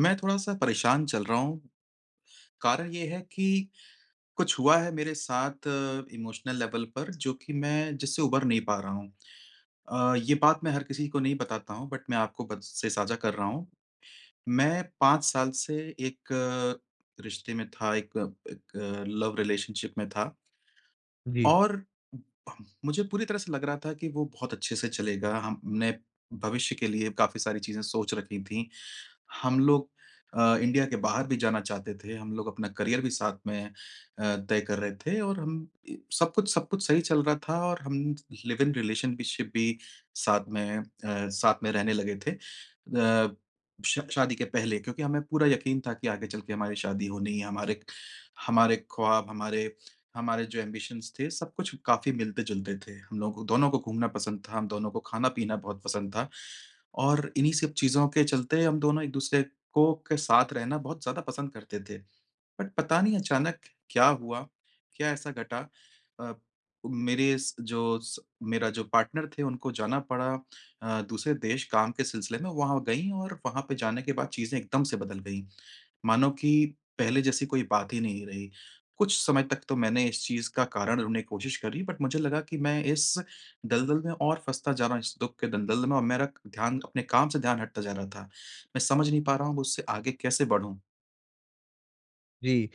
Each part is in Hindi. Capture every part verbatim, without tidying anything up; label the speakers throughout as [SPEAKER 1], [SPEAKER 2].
[SPEAKER 1] मैं थोड़ा-सा परेशान चल रहा हूँ, कारण ये है कि कुछ हुआ है मेरे साथ अ, इमोशनल लेवल पर जो कि मैं जिससे उबर नहीं पा रहा हूँ। अ, ये बात मैं हर किसी को नहीं बताता हूँ बट मैं आपको बत से साझा कर रहा हूँ, मैं पाँच साल से एक अ, रिश्ते में था, एक एक लव रिलेशनशिप में था।
[SPEAKER 2] जी।
[SPEAKER 1] और उम, मुझे पूरी तरह से लग रहा था कि वो बहुत अच्छे से चलेगा, हमने भविष्य के लिए काफ़ी सारी चीज़ें सोच रखी थी, हम लोग अ, इंडिया के बाहर भी जाना चाहते थे, हम लोग अपना करियर भी साथ में अ, तय कर रहे थे और हम इ सब कुछ सब कुछ सही चल रहा था और हम लिव-इन रिलेशन भी शिप भी साथ में अ, साथ में रहने लगे थे। अ, श शादी के पहले क्योंकि हमें पूरा यकीन था कि आगे चल के हमारी शादी होनी है, हमारे हमारे ख्वाब, हमारे, हमारे जो ऐम्बिशन्स थे, सब कुछ काफ़ी मिलते-जुलते थे। हम लोग को दोनों को घूमना पसंद था। हम दोनों को खाना-पीना बहुत पसंद था और इन्हीं सब चीज़ों के चलते हम दोनों एक दूसरे को के साथ रहना बहुत ज़्यादा पसंद करते थे। बट पता नहीं अचानक क्या हुआ, क्या ऐसा घटा अ, मेरे इस जो स मेरा जो पार्टनर थे, उनको जाना पड़ा अ, दूसरे देश काम के सिलसिले में, वहाँ गई और वहाँ पे जाने के बाद चीज़ें एकदम से बदल गईं। मानो कि पहले जैसी कोई बात ही नहीं रही, कुछ समय तक तो मैंने इस चीज़ का कारण ढूँढ़ने कोशिश करी बट मुझे लगा कि मैं इस दलदल में और फँसता जा रहा हूँ, इस दुःख के दलदल में और मेरा क ध्यान, अपने काम से ध्यान हटता जा रहा था। मैं समझ नहीं पा रहा हूँ उससे आगे कैसे बढ़ूँ।
[SPEAKER 2] जी,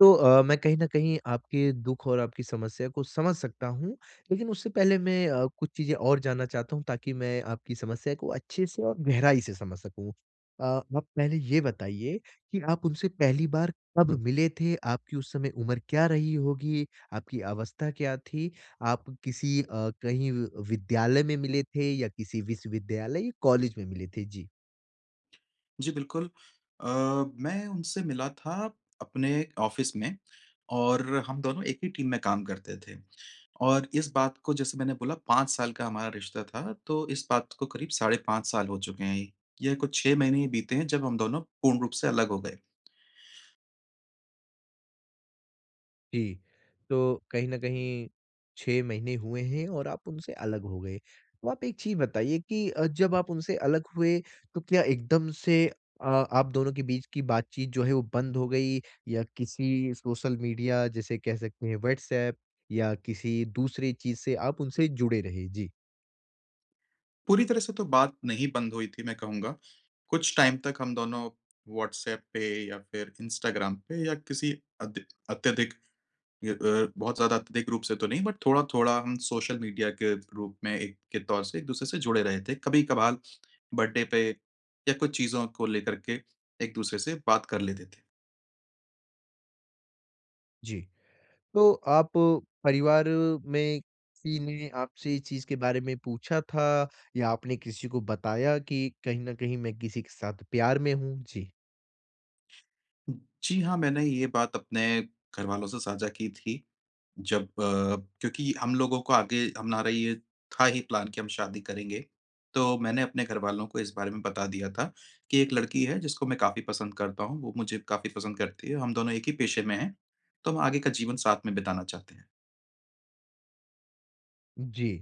[SPEAKER 2] तो अ, मैं कहीं न कहीं आपके दुख और आपकी समस्या को समझ सकता हूँ। लेकिन उससे पहले मैं अ, कुछ चीज़ें और जानना चाहता हूँ ताकि मैं आपकी समस्या को अच्छे से और गहराई से समझ सकूँ। अ, आप पहले ये बताइए कि आप उनसे पहली बार कब मिले थे? आपकी उस समय उम्र क्या रही होगी? आपकी अवस्था क्या थी? आप किसी अ, कहीं विद्यालय में मिले थे? या किसी विश्वविद्यालय या कॉलेज में मिले थे? जी।
[SPEAKER 1] जी, बिल्कुल। अ, मैं उनसे मिला था अपने ऑफिस में और हम दोनों एक ही टीम में काम करते थे। और इस बात को जैसे मैंने बोला, पाँच साल का हमारा रिश्ता था, तो इस बात को करीब साढ़े पाँच साल हो चुके हैं। यह कुछ छह महीने ही बीते हैं जब हम दोनों पूर्ण रूप से अलग हो गए।
[SPEAKER 2] जी, तो कहीं न कहीं छह महीने हुए हैं और आप उनसे अलग हो गए। तो आप एक चीज़ बताइए कि अ, जब आप उनसे अलग हुए तो क्या एकदम से अ, आप दोनों के बीच की बातचीत जो है, वो बंद हो गई या किसी सोशल मीडिया जैसे कह सकते हैं, व्हाट्सऐप या किसी दूसरी चीज़ से आप उनसे जुड़े रहे? जी।
[SPEAKER 1] पूरी तरह से तो बात नहीं बंद हुई थी, मैं कहूँगा कुछ टाइम तक हम दोनों व्हाट्सऐप पे या फिर इंस्टाग्राम पे या किसी अधि अत्यधिक य अ, बहुत ज़्यादा अत्यधिक रूप से तो नहीं, बट थोड़ा-थोड़ा हम सोशल मीडिया के रूप में एक के तौर से एक-दूसरे से जुड़े रहे थे। कभी-कभाल बर्थडे पे या कुछ चीज़ों को लेकर के एक-दूसरे से बात कर लेते थे।
[SPEAKER 2] जी। तो आप परिवार में किसी ने आपसे ये चीज़ के बारे में पूछा था, या आपने किसी को बताया कि, "कहीं न कहीं, मैं किसी के साथ प्यार में हूँ"? जी।
[SPEAKER 1] जी हाँ, मैंने ये बात अपने घरवालों से साझा की थी जब अ क्योंकि हम लोगों को आगे हमारा ये था ही प्लान कि हम शादी करेंगे। तो मैंने अपने घरवालों को इस बारे में बता दिया था कि, "एक लड़की है जिसको मैं काफ़ी पसंद करता हूँ, वो मुझे काफ़ी पसंद करती है। हम दोनों एक ही पेशे में हैं, तो हम आगे का जीवन साथ में बिताना चाहते हैं।"
[SPEAKER 2] जी,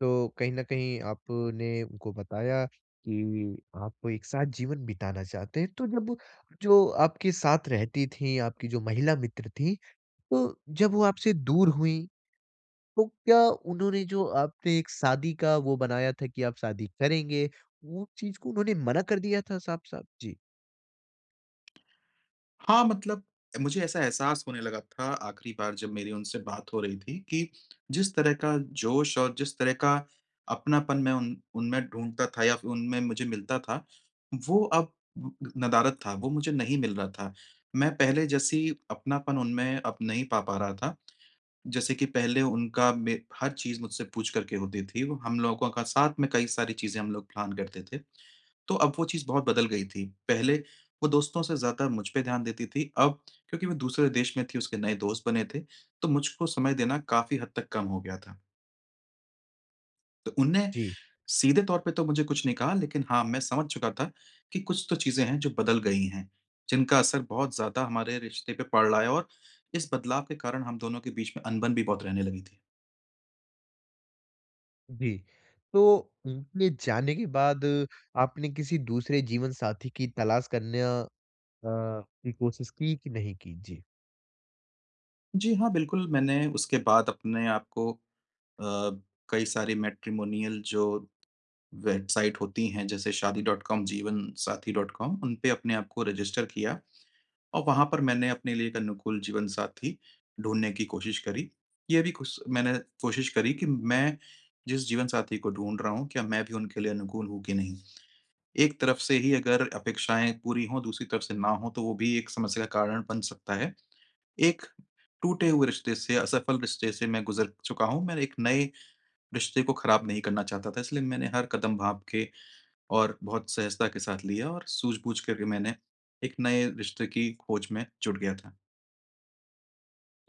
[SPEAKER 2] तो कहीं न कहीं आपने उनको बताया कि आप एक साथ जीवन बिताना चाहते हैं, तो जब जो आपके साथ रहती थीं, आपकी जो महिला मित्र थीं, तो जब वो आपसे दूर हुईं, तो क्या उन्होंने जो आपसे एक शादी का वो बनाया था कि आप शादी करेंगे, वो चीज़ को उन्होंने मना कर दिया था साफ़-साफ़? जी।
[SPEAKER 1] हाँ, मतलब मुझे ऐसा एहसास होने लगा था आखिरी बार जब मेरी उनसे बात हो रही थी कि जिस तरह का जोश और जिस तरह का अपनापन मैं उन उनमें ढूँढता था या उनमें मुझे मिलता था, वो अब नदारद था, वो मुझे नहीं मिल रहा था। मैं पहले जैसी अपनापन उनमें अब नहीं पा पा रहा था। जैसे कि पहले उनका मे हर चीज़ मुझसे पूछ करके होती थी। हम लोगों का साथ में कई सारी चीज़ें हम लोग प्लान करते थे। तो अब वो चीज़ बहुत बदल गई थी। पहले वो दोस्तों से ज़्यादा मुझ पे ध्यान देती थी, अब क्योंकि वो दूसरे देश में थी, उसके नए दोस्त बने थे, तो मुझको समय देना काफ़ी हद तक कम हो गया था। तो उन्नें
[SPEAKER 2] जी।
[SPEAKER 1] सीधे तौर पे तो मुझे कुछ नहीं कहा लेकिन हाँ, मैं समझ चुका था कि कुछ तो चीज़ें हैं, जो बदल गई हैं, जिनका असर बहुत ज़्यादा हमारे रिश्ते पे पड़ रहा है और इस बदलाव के कारण हम दोनों के बीच में अनबन भी बहुत रहने लगी थी।
[SPEAKER 2] जी, तो उनके जाने के बाद, आपने किसी दूसरे जीवनसाथी की तलाश करना अ, की कोशिश की कि नहीं की? जी।
[SPEAKER 1] जी हाँ, बिल्कुल। मैंने उसके बाद अपने आप को अ, कई सारी मैट्रिमोनियल जो वेबसाइट होती हैं जैसे Shaadi dot com, Jeevansathi dot com उन पे अपने आप को रजिस्टर किया और वहाँ पर मैंने अपने लिए एक अनुकूल जीवनसाथी ढूँढने की कोशिश करी। ये भी खुस मैंने कोशिश करी कि मैं जिस जीवनसाथी को ढूँढ रहा हूँ क्या मैं भी उनके लिए अनुकूल हूँ कि नहीं। एक तरफ से ही अगर अपेक्षाएँ पूरी हों दूसरी तरफ़ से ना हों तो वो भी एक समस्या का कारण बन सकता है। एक टूटे हुए रिश्ते से, असफल रिश्ते से मैं गुज़र चुका हूँ, मैं एक नए रिश्ते को ख़राब नहीं करना चाहता था। इसलिए मैंने हर कदम भाँप के और बहुत सहजता के साथ लिया और सूझ-बूझ करके मैंने एक नए रिश्ते की खोज में जुट गया था।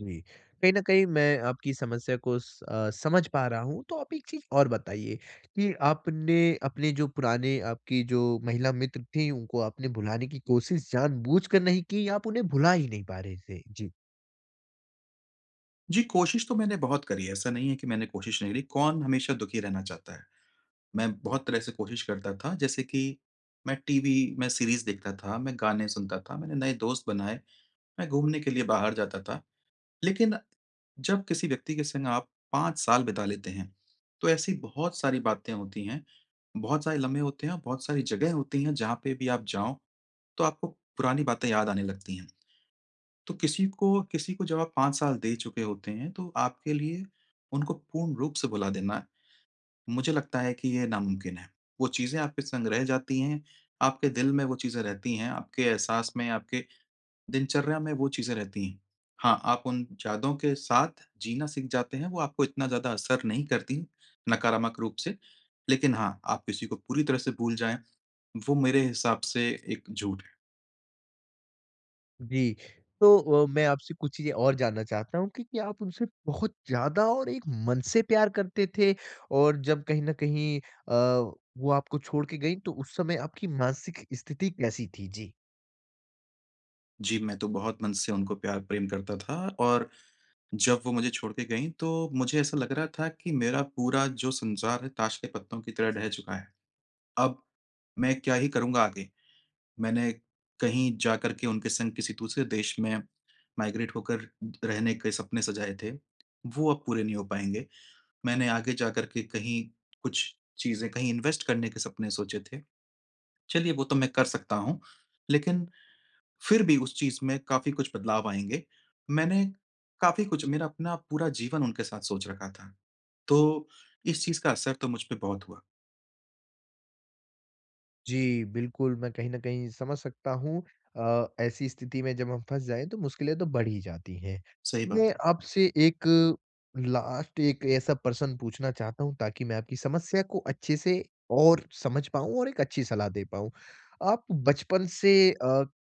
[SPEAKER 2] जी। कहीं न कहीं मैं आपकी समस्या को स अ, समझ पा रहा हूँ। तो आप एक चीज़ और बताइए कि आपने अपने जो पुराने आपकी जो महिला मित्र थीं, उनको आपने भुलाने की कोशिश जानबूझकर नहीं की या आप उन्हें भुला ही नहीं पा रहे थे? जी।
[SPEAKER 1] जी, कोशिश तो मैंने बहुत करी है, ऐसा नहीं है कि मैंने कोशिश नहीं करी, कौन हमेशा दुखी रहना चाहता है। मैं बहुत तरह से कोशिश करता था, जैसे कि मैं टीवी मैं सीरीज़ देखता था, मैं गाने सुनता था, मैंने नए दोस्त बनाए, मैं घूमने के लिए बाहर जाता था। लेकिन जब किसी व्यक्ति के संग आप पाँच साल बिता लेते हैं, तो ऐसी बहुत सारी बातें होती हैं, बहुत सारे लम्हे होते हैं और बहुत सारी जगह होती हैं जहाँ पे भी आप जाओ, तो आपको पुरानी बातें याद आने लगती हैं। तो किसी को किसी को जब आप पाँच साल दे चुके होते हैं, तो आपके लिए उनको पूर्ण रूप से भुला देना, मुझे लगता है कि ये नामुमकिन है। वो चीज़ें आपके संग रह जाती हैं, आपके दिल में वो चीज़ें रहती हैं, आपके एहसास में, आपके दिनचर्या में वो चीज़ें रहती हैं। हाँ, आप उन जादों के साथ जीना सीख जाते हैं, वो आपको इतना ज़्यादा असर नहीं करती नकारमक रूप से। लेकिन हाँ, आप किसी को पूरी तरह से भूल जाएँ, वो मेरे हिसाब से एक झूठ है।
[SPEAKER 2] जी, तो अ, मैं आपसे कुछ चीज़ें और जानना चाहता हूँ कि क्या आप उनसे बहुत ज़्यादा और एक मन से प्यार करते थे? और जब कहीं न कहीं अ, वो आपको छोड़ के गईं, तो उस समय आपकी मानसिक स्थिति कैसी थी? जी।
[SPEAKER 1] जी, मैं तो बहुत मन से उनको प्यार प्रेम करता था और जब वो मुझे छोड़ के गईं तो, मुझे ऐसा लग रहा था कि मेरा पूरा जो संसार है, ताश के पत्तों की तरह ढह चुका है, अब मैं क्या ही करूँगा आगे, मैंने कहीं जाकर के उनके संग किसी दूसरे देश में माइग्रेट होकर रहने के सपने सजाए थे, वो अब पूरे नहीं हो पाएँगे। मैंने आगे जाकर के कहीं कुछ चीज़ें कहीं इन्वेस्ट करने के सपने सोचे थे, चलिए वो तो मैं कर सकता हूँ लेकिन, फिर भी उस चीज़ में काफ़ी कुछ बदलाव आएँगे। मैंने काफ़ी कुछ मेरा अपना पूरा जीवन उनके साथ सोच रखा था, तो इस चीज़ का असर तो मुझ पे बहुत हुआ।
[SPEAKER 2] जी, बिल्कुल, मैं कहीं न कहीं समझ सकता हूँ अ, ऐसी स्थिति में जब हम फँस जाएँ तो मुश्किलें तो बढ़ ही जाती हैं।
[SPEAKER 1] सही बात
[SPEAKER 2] मैं
[SPEAKER 1] है।
[SPEAKER 2] आपसे एक लास्ट एक ऐसा प्रश्न पूछना चाहता हूँ ताकि मैं आपकी समस्या को अच्छे से और समझ पाऊँ और एक अच्छी सलाह दे पाऊँ। आप बचपन से अ,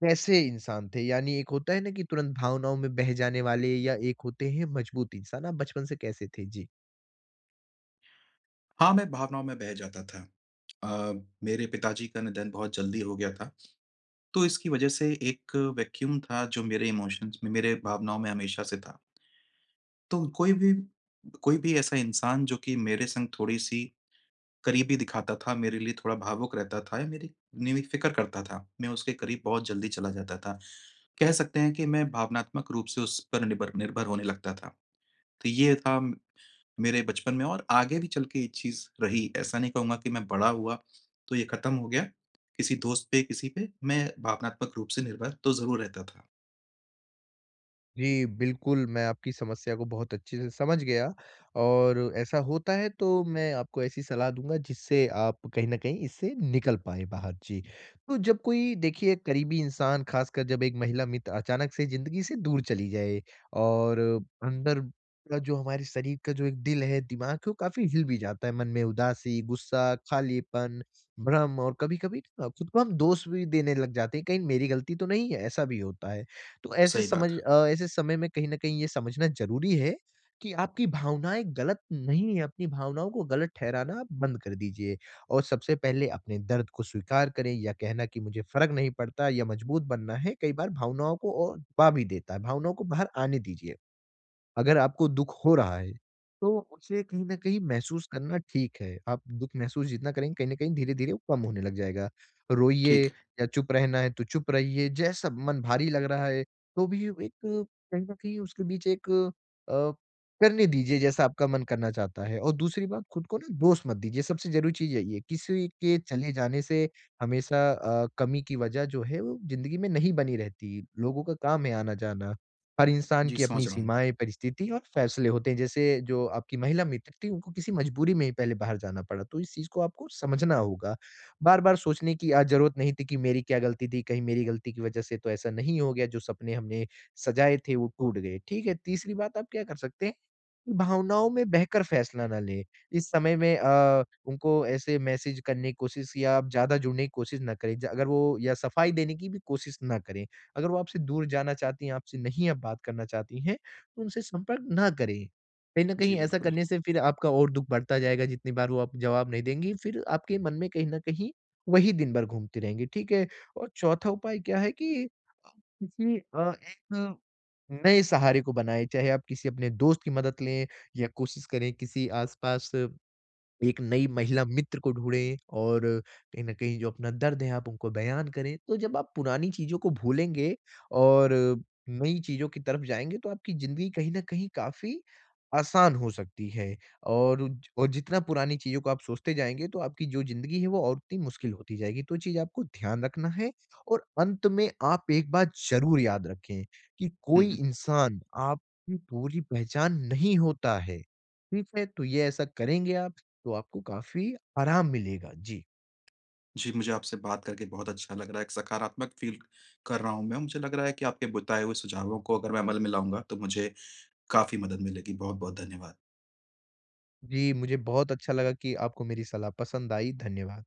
[SPEAKER 2] कैसे इंसान थे? यानी एक होता है ना कि तुरंत भावनाओं में बह जाने वाले या एक होते हैं मज़बूत इंसान, आप बचपन से कैसे थे? जी।
[SPEAKER 1] हाँ, मैं भावनाओं में बह जाता था। अ, मेरे पिताजी का निधन बहुत जल्दी हो गया था। तो इसकी वजह से एक वैक्यूम था जो मेरे इमोशंस में मेरे भावनाओं में हमेशा से था। तो कोई भी, कोई भी ऐसा इंसान, जो कि मेरे संग थोड़ी सी करीबी दिखाता था, मेरे लिए थोड़ा भावुक रहता था या मेरी मेरी फ़िक्र करता था, मैं उसके करीब बहुत जल्दी चला जाता था। कह सकते हैं कि मैं भावनात्मक रूप से उस पर निबर निर्भर होने लगता था। तो ये था मेरे बचपन में और आगे भी चल के ये चीज़ रही, ऐसा नहीं कहूँगा कि मैं बड़ा हुआ, तो ये खत्म हो गया। किसी दोस्त पे, किसी पे, मैं भावनात्मक रूप से निर्भर तो ज़रूर रहता था।
[SPEAKER 2] जी, बिल्कुल, मैं आपकी समस्या को बहुत अच्छे से समझ गया और ऐसा होता है तो मैं आपको ऐसी सलाह दूँगा जिससे आप कहीं न कहीं इससे निकल पाएँ बाहर जी। तो जब कोई देखिए करीबी इंसान खासकर जब एक महिला मित्र अचानक से ज़िंदगी से दूर चली जाए और अंदर का जो हमारे शरीर का जो एक दिल है, दिमाग कि वो काफ़ी हिल भी जाता है, मन में उदासी, गुस्सा, खालीपन, भ्रम और कभी-कभी अ, खुद को हम दोष भी देने लग जाते हैं, कहीं मेरी गलती तो नहीं है, ऐसा भी होता है। तो ऐसे
[SPEAKER 1] सही
[SPEAKER 2] समझ
[SPEAKER 1] बात है।
[SPEAKER 2] अ, ऐसे समय में कहीं न कहीं ये समझना ज़रूरी है कि आपकी भावनाएँ ग़लत नहीं हैं, अपनी भावनाओं को ग़लत ठहराना आप बंद कर दीजिए और सबसे पहले अपने दर्द को स्वीकार करें या कहना कि मुझे फ़र्क नहीं पड़ता या मज़बूत बनना है, कई बार भावनाओं को और दबा भी देता है, भावनाओं को बाहर आने दीजिए। अगर आपको दुख हो रहा है, तो उसे कहीं न कहीं महसूस करना ठीक है, आप दुख महसूस जितना करेंगे, कहीं न कहीं धीरे-धीरे वो कम होने लग जाएगा। रोइए
[SPEAKER 1] ठीक है।
[SPEAKER 2] या चुप रहना है तो चुप रहिए, जैसा मन भारी लग रहा है तो भी अब एक कहीं न कहीं उसके बीच एक अ, करने दीजिए जैसा आपका मन करना चाहता है और दूसरी बात खुद को ना दोष मत दीजिए, सबसे ज़रूरी चीज़ यही है। किसी के के चले जाने से हमेशा अ, कमी की वजह जो है वो ज़िंदगी में नहीं बनी रहती, लोगों का काम है आना-जाना। हर इंसान
[SPEAKER 1] जी,
[SPEAKER 2] की अपनी
[SPEAKER 1] समझ रहा हूँ।
[SPEAKER 2] सीमाएँ, परिस्थिति और फ़ैसले होते हैं, जैसे जो आपकी महिला मित्र थी, उनको किसी मजबूरी में ही पहले बाहर जाना पड़ा तो इस चीज़ को आपको समझना होगा। बार-बार सोचने की आज ज़रूरत नहीं थी कि मेरी क्या गलती थी, कहीं मेरी गलती की वजह से तो ऐसा नहीं हो गया, जो सपने हमने सजाए थे वो टूट गए, ठीक है? तीसरी बात आप क्या कर सकते हैं? भावनाओं में बहकर फ़ैसला ना लें। इस समय में अ, उनको ऐसे मैसेज करने की कोशिश या ज़्यादा जुड़ने की कोशिश ना करें, अगर वो या सफाई देने की भी कोशिश ना करें। अगर वो आपसे दूर जाना चाहती हैं, आपसे नहीं अब बात करना चाहती हैं, तो उनसे संपर्क ना करें। कहीं न
[SPEAKER 1] जी,
[SPEAKER 2] कहीं ऐसा
[SPEAKER 1] बिल्कुल।
[SPEAKER 2] करने से फिर आपका और दुख बढ़ता जाएगा, जितनी बार वो आपको जवाब नहीं देंगी, फिर आपके मन में कहीं न कहीं वही दिन भर घूमती रहेंगी, ठीक है? और चौथा उपाय क्या है कि किसी अ, एक नए सहारे को बनाएं, चाहे आप किसी अपने दोस्त की मदद लें या कोशिश करें किसी आसपास एक नई महिला मित्र को ढूँढे और कहीं न कहीं जो अपना दर्द है आप उनको बयान करें, तो जब आप पुरानी चीज़ों को भूलेंगे और नई चीज़ों की तरफ जाएँगे तो आपकी ज़िंदगी कहीं न कहीं काफ़ी आसान हो सकती है। और उज और जितना पुरानी चीज़ों को आप सोचते जाएँगे तो आपकी जो ज़िंदगी है वो और उतनी मुश्किल होती जाएगी, तो वो चीज़ आपको ध्यान रखना है। और अंत में आप एक बात ज़रूर याद रखें, कि
[SPEAKER 1] हुँ,
[SPEAKER 2] कोई
[SPEAKER 1] हुँ।
[SPEAKER 2] इंसान आपकी पूरी पहचान नहीं होता है, ठीक है? तो ये ऐसा करेंगे आप तो आपको काफ़ी आराम मिलेगा। जी।
[SPEAKER 1] जी, मुझे आपसे बात करके बहुत अच्छा लग रहा है, एक सकारात्मक फ़ील कर रहा हूँ मैं, मुझे लग रहा है कि आपके बताए हुए सुझावों को अगर मैं अमल में लाऊँगा तो मुझे काफ़ी मदद मिलेगी। बहुत-बहुत धन्यवाद।
[SPEAKER 2] जी, मुझे बहुत अच्छा लगा कि आपको मेरी सलाह पसंद आई। धन्यवाद।